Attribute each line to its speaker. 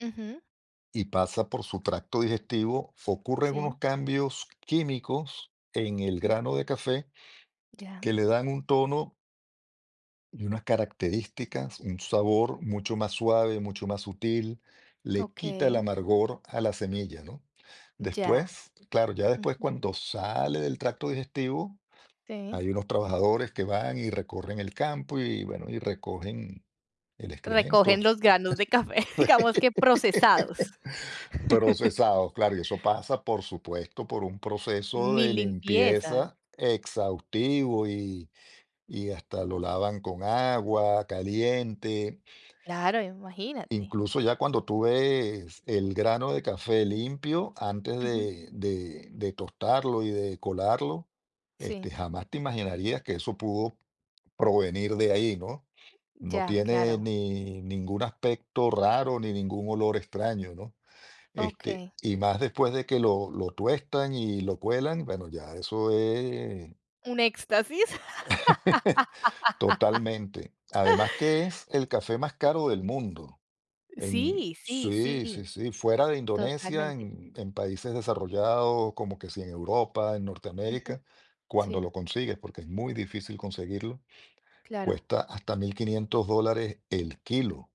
Speaker 1: Ujú.
Speaker 2: Y pasa por su tracto digestivo, ocurren
Speaker 1: Sí.
Speaker 2: unos cambios químicos en el
Speaker 1: Mm.
Speaker 2: grano de café
Speaker 1: Ya.
Speaker 2: que le dan un tono y unas características, un sabor mucho más suave, mucho más sutil, le quita el
Speaker 1: Okey.
Speaker 2: amargor a la semilla, ¿no?
Speaker 1: Ya.
Speaker 2: Después, claro, ya después
Speaker 1: Ujú.
Speaker 2: cuando sale del tracto digestivo,
Speaker 1: Sí.
Speaker 2: hay unos trabajadores que van y recorren el campo y, bueno, y recogen el
Speaker 1: Recogen
Speaker 2: excremento.
Speaker 1: los granos de café, digamos que procesados.
Speaker 2: Procesados, claro, y eso pasa, por supuesto, por un proceso
Speaker 1: Mi
Speaker 2: de
Speaker 1: limpieza.
Speaker 2: limpieza exhaustivo y y hasta lo lavan con agua caliente.
Speaker 1: Claro, imagínate.
Speaker 2: Incluso ya cuando tú ves el grano de café limpio, antes
Speaker 1: Ujú.
Speaker 2: de de de tostarlo y de colarlo,
Speaker 1: Sí.
Speaker 2: este, jamás te imaginarías que eso pudo provenir de ahí, ¿no? No
Speaker 1: Ya,
Speaker 2: tiene
Speaker 1: claro.
Speaker 2: ni ningún aspecto raro ni ningún olor extraño, ¿no? Este,
Speaker 1: Okey.
Speaker 2: y más después de que lo lo tuestan y lo cuelan, bueno, ya eso es
Speaker 1: Un éxtasis.
Speaker 2: Totalmente. Además que es el café más caro del mundo en
Speaker 1: Sí, sí,
Speaker 2: Sí,
Speaker 1: sí,
Speaker 2: sí, sí, fuera de Indonesia,
Speaker 1: totalmente.
Speaker 2: en en países desarrollados, como que si en Europa, en
Speaker 1: Ujú.
Speaker 2: Norteamérica, cuando
Speaker 1: Sí.
Speaker 2: lo consigues, porque es muy difícil conseguirlo,
Speaker 1: Claro.
Speaker 2: cuesta hasta 1500 dólares el kilo.